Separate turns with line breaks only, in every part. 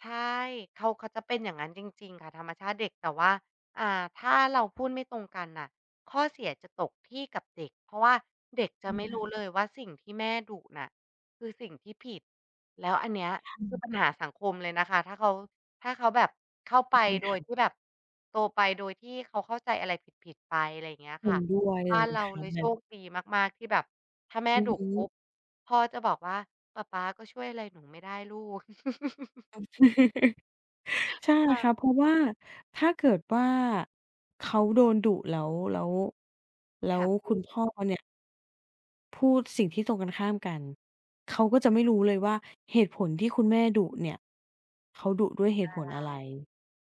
ใช่ เขา เขาจะเป็นอย่างนั้นจริง ๆ ค่ะ ธรรมชาติเด็ก แต่ว่า อ่า ถ้าเราพูดไม่ตรงกันน่ะ ข้อเสียจะตกที่กับเด็ก เพราะว่าเด็กจะ
อื
ไม
อ
่ รู้เลยว่า สิ่งที่แม่ดุน่ะ คือสิ่งที่ผิด แล้วอันเนี้ย
ใช
คือ
่
ปัญหาสังคมเลยนะคะ ถ้าเขา ถ้าเขาแบบเข้า
ใช
ไป
่ไหม
โด
ค
ย
รับ
ที่แบบ โตไปโดยที่เขาเข้าใจอะไรผิด ๆ ไป อะไรอย่างเงี้ย
เห
ค
็
่ะ
นด้วยเล
บ้าน
ย
เรา
คร
เ
ั
ล
บ
ย
แ
โ
บ
ช
บ
คดีมาก ๆ ที่แบบ ถ้าแม่
อื
ด
อ
ุ
ฮ
ปุ
ึ
๊บ พ่อก็จะบอกว่า "ปะป๊าก็ช่วยอะไรหนูไม่ได้ลูก"
โอเค ใช่
ค่
ครับ
ะ
เพราะว่า ถ้าเกิดว่า เขาโดนดุแล้ว แล้ว แล้
ค่ะ
ว
พ
ค
ู
ุณ
ด
พ่อเนี่ย พูดสิ่งที่ตรงกันข้ามกัน เขาก็จะไ
ค
ม่
่ะ
รู้เลยว่า เหตุผลที่คุณแม่ดุเนี่ย เขาดุด้วยเห
อ
ตุผ
ะ
ล
ไ
อะไร?
ร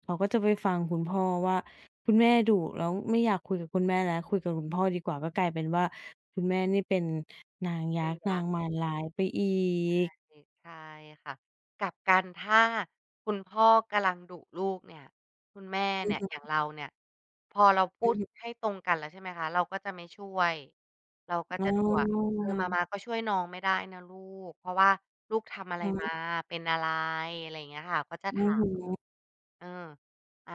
เขาก็จะไป
ใช่
ฟังคุณพ่อว่า คุณแม่ดุ แล้วไม่อยากคุยกับคุณแม่แล้ว คุยกับคุณพ่อดีกว่า ก็กลายเป็นว่า คุณแม่นี่เป็นนางย
เป็
ั
น
กษ์
ย
นา
ักษ์
งมารร้ายไปอี
ใช
ก
่ ใช่ค่ะ กลับกัน ถ้าคุณพ่อกำลังดุลูกเนี่ย คุณแม่
อ
เ
ื
น
อ
ี่ย
ฮึ
อย่างเราเนี่ย พอเราพู
อื
ด
อฮึ
ให้ตรงกันแล้ว ใช่ไหมคะ เราก็จะไม่ช่วย เราก็
อ๋
จ
อ
ะดูอะ "เออ
อ
มา
า
ม๊าก็ช่วยน้องไม่ได้นะลูก เพราะว่าลูกทำอะไ
อ
ร
ือฮ
ม
ึ
า? เป็นอะไร?" อะไรเงี้ยค่ะ ก็จะ
อ
ถ
ื
า
้อฮ
ม
ื
อะฮ
อ
ะ "เออ อา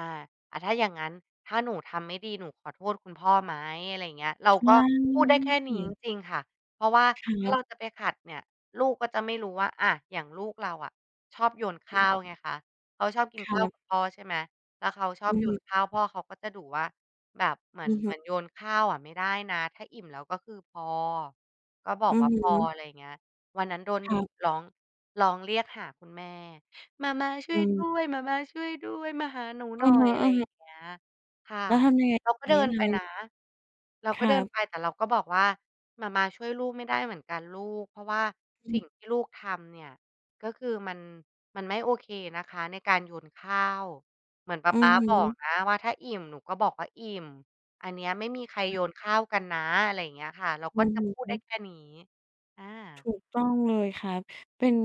อะ ถ้าอย่างงั้น ถ้าหนูทำไม่ดี หนูขอโทษคุณพ่อไหม?" อะไรเงี้ย เรา
ใช
ก
่
็พูดได้แค่นี้จริง ๆ ค่ะ เพราะว่า
คร
ถ้า
ั
เ
บ
ราจะไปขัดเนี่ย ลูกก็จะไม่รู้ว่า อะ อย่างลูกเราอะชอบโยนข
อ
้าว
ืม
ไงคะ เขาชอบกิน
ค
ข้าว
รับ
กับพ่อ ใช่ไหม แล้วเขาชอ
อื
บ
อ
โย
ฮ
น
ึ
ข้าว พ่อเขาก็จะดุว่า "แบบเหมือ
อ
น
ือฮ
เห
ึ
มือนโยนข้าวอะไม่ได้นะ ถ้าอิ่มแล้วก็คือพอ ก็บอ
อ
ก
ื
ว
อ
่า
ฮ
พอ"
ึ
อะไรเงี้ย วันนั้นโดน
ค
ด
ร
ุ
ับ
ร้อง ร้องเรียกหาคุณแม่ "หม่าม้าช่
อ
ว
ื
ยด้
ม
วย หม่าม้าช่วยด้วย มาหาหนูห
อ
น
ื
่อ
อฮ
ย" อะไรอย่
ึ
า
ๆ
งเงี้ย ค่ะ
แล้วทำยังไง?
เราก็
ที
เด
เ
ิ
นี้ย
น
ท
ไป
ำไ
น
ง?
ะ เรา
ค
ก็
ร
เด
ั
ิน
บ
ไป แต่เราก็บอกว่า "หม่าม้าช่วยลูกไม่ได้เหมือนกันลูก เพราะว่า
อ
ส
ืม
ิ่งที่ลูกทำเนี่ย ก็คือมัน มันไม่โอเคนะคะ ในการโยนข้าว เหมือนป
อ
ะ
ื
ป
อ
๊า
ฮ
บอ
ึ
กนะว่า'ถ้าอิ่มหนูก็บอกว่าอิ่ม' อันเนี้ย ไม่มีใคร
ค
โ
รับ
ยนข้าวกันนะ" อะไรอย่างเงี้ยค่ะ เรา
อื
ก็
อ
จะพูด
ฮ
ได้
ึ
แค่นี้ อา
ถูกต้องเลยครับ เป็น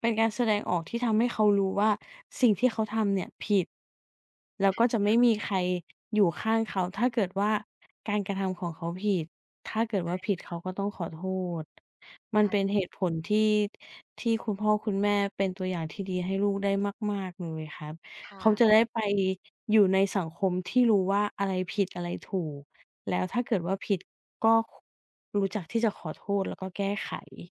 เป็นการแสดงออกที่ทำให้เขารู้ว่า สิ่งที่เขาทำเนี่ย ผิด แล้
ใ
ว
ช่
ก็จะไ
ค
ม
่
่
ะ
มีใคร อยู่ข้างเขา ถ้าเกิดว่าการกระทำของเขาผิด ถ้าเกิด
ใช
ว่า
่
ผิด เ
ค
ข
่ะ
าก็ต้องขอโทษ มั
ใช
นเ
่
ป็นเหตุผลที่ ที่คุณพ่อคุณแม่เป็นตัวอย่างที่ดีให้ลูกได้มาก ๆ เลยครับ
ค่
เขา
ะ
จะได้ไปอยู่ในสังคมที่รู้ว่า อะไรผิด อะไรถูก แล้วถ้าเกิดว่าผิด ก็ ค รู้จักที่จะขอโทษ แล้วก็แก้ไข